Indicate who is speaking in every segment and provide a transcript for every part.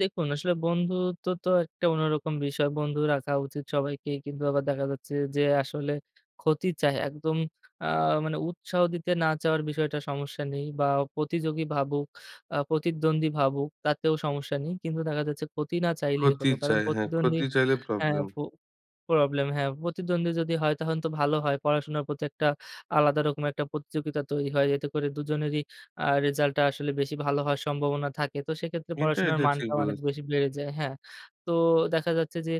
Speaker 1: দেখুন, আসলে বন্ধুত্ব তো একটা অন্যরকম বিষয়। বন্ধু রাখা উচিত সবাইকেই কিন্তু আবার দেখা যাচ্ছে যে আসলে ক্ষতি চায় একদম আ মানে উৎসাহ দিতে না চাওয়ার বিষয়টা সমস্যা নেই বা প্রতিযোগী ভাবুক আ প্রতিদ্বন্দ্বী ভাবুক তাতেও সমস্যা নেই কিন্তু দেখা যাচ্ছে, ক্ষতি না চাইলেই হল।
Speaker 2: ক্ষতি
Speaker 1: কারণ
Speaker 2: চায়, হ্যাঁ
Speaker 1: প্রতিদ্বন্দ্বী
Speaker 2: ক্ষতি চাইলে
Speaker 1: হ্যাঁ
Speaker 2: প্রবলেম।
Speaker 1: ফু প্রবলেম হ্যাঁ। প্রতিদ্বন্দ্বী যদি হয় তাহলে তো ভালো হয়। পড়াশোনার প্রতি একটা আলাদা রকম একটা প্রতিযোগিতা তৈরি হয়। এতে করে দুজনেরই আ রেসাল্টটা আসলে বেশি ভালো হওয়ার সম্ভাবনা থাকে। তো সেক্ষেত্রে
Speaker 2: এটা,
Speaker 1: পড়াশোনার
Speaker 2: এটা, ঠিক
Speaker 1: মানটাও অনেক
Speaker 2: বলেছেন।
Speaker 1: বেশি বেড়ে যায়। হ্যাঁ। তো দেখা যাচ্ছে যে,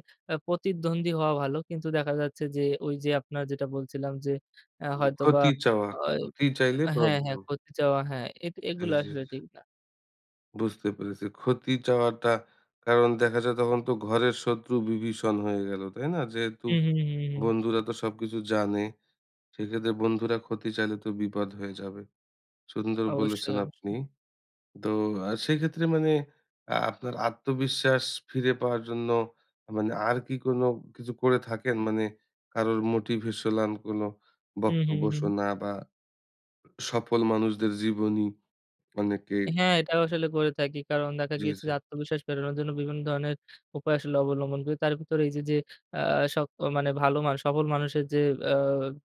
Speaker 1: প্রতিদ্বন্দ্বী হওয়া ভালো। কিন্তু দেখা যাচ্ছে যে, ওই যে আপনার যেটা বলছিলাম যে, এ
Speaker 2: [unintelligible]
Speaker 1: হয়তোবা
Speaker 2: ক্ষতি চাওয়া।
Speaker 1: ওয়
Speaker 2: ক্ষতি চাইলে
Speaker 1: হ্যাঁ, হ্যাঁ,
Speaker 2: প্রবলেম।
Speaker 1: ক্ষতি চাওয়া হ্যাঁ এ
Speaker 2: জি,
Speaker 1: এগুলো
Speaker 2: জি।
Speaker 1: আসলে ঠিক না।
Speaker 2: বুঝতে পেরেছি। ক্ষতি চাওয়াটা কারণ দেখা যায় তখন তো ঘরের শত্রু বিভীষণ হয়ে গেল। তাই না? যেহেতু
Speaker 1: হু, হু, হু। হুম।
Speaker 2: বন্ধুরা তো সবকিছু জানে। সেক্ষেত্রে বন্ধুরা ক্ষতি চাইলে তো বিপদ হয়ে যাবে। সুন্দর
Speaker 1: অবশ্যই,
Speaker 2: বলেছেন আপনি।
Speaker 1: অবশ্যই।
Speaker 2: তো আ সেক্ষেত্রে মানে আ আপনার আত্মবিশ্বাস ফিরে পাওয়ার জন্য মানে আর কি কোন কিছু করে থাকেন? মানে কারোর মোটিভেশনাল কোন
Speaker 1: হু, হু।
Speaker 2: বক্তব্য
Speaker 1: হুম।
Speaker 2: শোনা বা সফল মানুষদের জীবনী অনেকেই
Speaker 1: হ্যাঁ এটাও আসলে করে থাকি। কারণ দেখা
Speaker 2: জি,
Speaker 1: গিয়েছে
Speaker 2: জি।
Speaker 1: যে আত্মবিশ্বাস ফেরানোর জন্য বিভিন্ন ধরনের উপায় আসলে অবলম্বন করি। তার ভেতরে এইযে যে, আ সক মানে ভালো মানুষ সফল মানুষের যে আ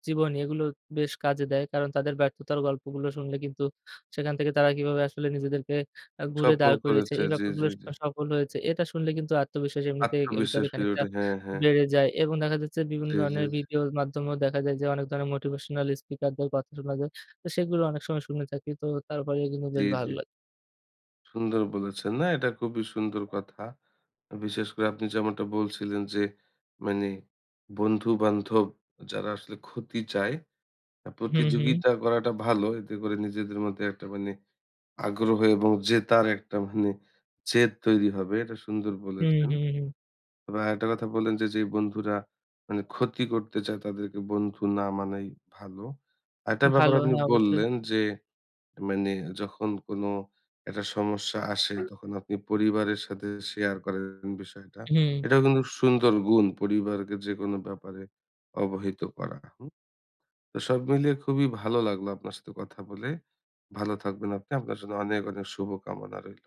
Speaker 1: জীবনী এগুলো বেশ কাজে দেয়। কারণ তাদের ব্যর্থতার গল্পগুলো শুনলে কিন্তু, সেখান থেকে তারা কিভাবে আসলে নিজেদেরকে ঘুরে
Speaker 2: সফল
Speaker 1: দাঁড় করিয়েছে।
Speaker 2: করেছে।
Speaker 1: এই
Speaker 2: জি,
Speaker 1: ব্যাপারগুলো
Speaker 2: জি,
Speaker 1: স
Speaker 2: জি।
Speaker 1: সফল হয়েছে। এটা শুনলে কিন্তু আত্মবিশ্বাস এমনিতে এ
Speaker 2: আত্মবিশ্বাস
Speaker 1: ভিতরে
Speaker 2: ফিরে
Speaker 1: খানিকটা
Speaker 2: ওঠে। হ্যাঁ, হ্যাঁ।
Speaker 1: বেড়ে যায়। এবং দেখা যাচ্ছে বিভিন্ন
Speaker 2: জি, জি,
Speaker 1: ধরনের
Speaker 2: জি।
Speaker 1: ভিডিওর মাধ্যমেও দেখা যায় যে, অনেক ধরনের motivational speaker দের কথা শোনা যায়। তো সেগুলো অনেক সময় শুনে থাকি। তো তারপরে কিন্তু
Speaker 2: জি,
Speaker 1: বেশ
Speaker 2: জি।
Speaker 1: ভালো লাগ
Speaker 2: সুন্দর বলেছেন। না এটা খুবই সুন্দর কথা। বিশেষ করে আপনি যেমনটা বলছিলেন যে মানে বন্ধু-বান্ধব যারা আসলে ক্ষতি চায়
Speaker 1: হু, হু।
Speaker 2: প্রতিযোগিতা করাটা ভালো। এতে করে নিজেদের মধ্যে একটা মানে আগ্রহ এবং জেতার একটা মানে জেদ তৈরি হবে। এটা সুন্দর
Speaker 1: হু,
Speaker 2: বলেছেন।
Speaker 1: হু। হুম।
Speaker 2: তবে আরেকটা কথা বললেন যে, যে, বন্ধুরা মানে ক্ষতি করতে চায় তাদেরকে বন্ধু না মানাই ভালো। আর একটা ব্যাপার
Speaker 1: ভালো।
Speaker 2: আপনি
Speaker 1: হ্যাঁ অবশ্যই।
Speaker 2: বললেন যে, মানে যখন কোন একটা সমস্যা আসে তখন আপনি পরিবারের সাথে শেয়ার করেন বিষয়টা।
Speaker 1: হু।
Speaker 2: এটাও কিন্তু সুন্দর গুণ পরিবারকে যেকোন ব্যাপারে অবহিত করা হুম? তো সব মিলিয়ে খুবই ভালো লাগলো আপনার সাথে কথা বলে। ভালো থাকবেন আপনি, আপনার জন্য অনেক, অনেক, শুভ কামনা রইলো।